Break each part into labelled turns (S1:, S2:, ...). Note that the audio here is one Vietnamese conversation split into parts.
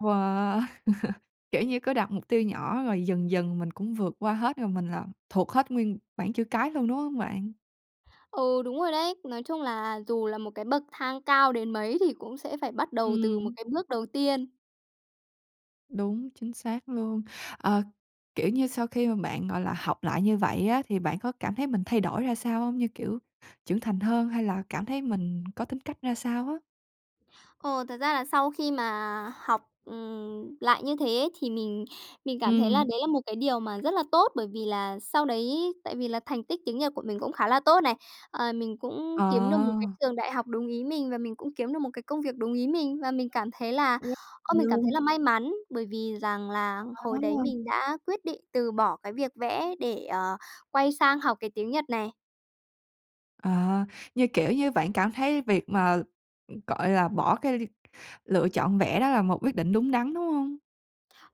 S1: Wow! Kiểu như, cứ đặt mục tiêu nhỏ rồi dần dần mình cũng vượt qua hết, rồi mình là thuộc hết nguyên bảng chữ cái luôn, đúng hông bạn?
S2: Ừ, đúng rồi đấy. Nói chung là dù là một cái bậc thang cao đến mấy, thì cũng sẽ phải bắt đầu từ một
S1: Ừm.
S2: cái bước đầu tiên.
S1: Đúng, chính xác luôn. Ờ, kiểu như, sau khi mà bạn, gọi là, học lại như vậy á, thì bạn có cảm thấy mình thay đổi ra sao hông? Như, kiểu, trưởng thành hơn, hay là cảm thấy mình có tính cách ra sao á?
S2: Ồ, thật ra là sau khi mà học, ừm, lại như thế, thì mình mình cảm thấy là
S1: Ừm.
S2: đấy là một cái điều mà rất là tốt bởi vì là sau đấy, tại vì là thành tích tiếng Nhật của mình cũng khá là tốt này, ờ, mình cũng kiếm được một cái
S1: Ờ.
S2: trường đại học đúng ý mình, và mình cũng kiếm được một cái công việc đúng ý mình. Và mình cảm thấy là, ơ, mình cảm thấy
S1: [unintelligible]
S2: là may mắn, bởi vì rằng là hồi đấy
S1: À.
S2: mình đã quyết định từ bỏ cái việc vẽ, để, ờ, quay sang học cái tiếng Nhật này.
S1: Ờ, như, kiểu, như bạn cảm thấy việc, ừm, mà, gọi là, bỏ cái lựa chọn vẽ đó là một quyết định đúng đắn, đúng không?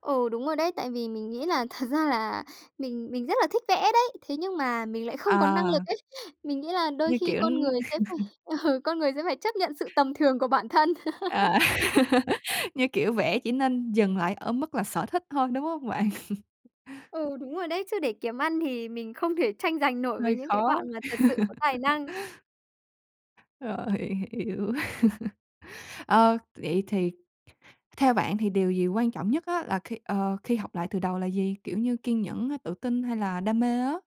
S2: Ừ, đúng rồi đấy, tại vì mình nghĩ là thật ra là mình mình rất là thích vẽ đấy, thế nhưng mà mình lại không có năng
S1: À.
S2: lực ấy. Mình nghĩ là đôi
S1: Như
S2: khi
S1: kiểu,
S2: con
S1: ưm
S2: người sẽ phải ừ, con người sẽ phải chấp nhận sự tầm thường của bản thân.
S1: À, như kiểu, vẽ chỉ nên dừng lại ở mức là sở thích thôi, đúng hông bạn?
S2: Ừ, đúng rồi đấy, chứ để kiếm ăn thì mình không thể tranh giành nổi với
S1: Hơi
S2: những cái
S1: khó.
S2: bạn mà thật sự có tài năng.
S1: Rồi hiểu. Ờ, vậy thì theo bạn thì điều gì quan trọng nhất á là khi ờ, khi học lại từ đầu là gì? Kiểu như, kiên nhẫn, tự tin hay là đam mê á?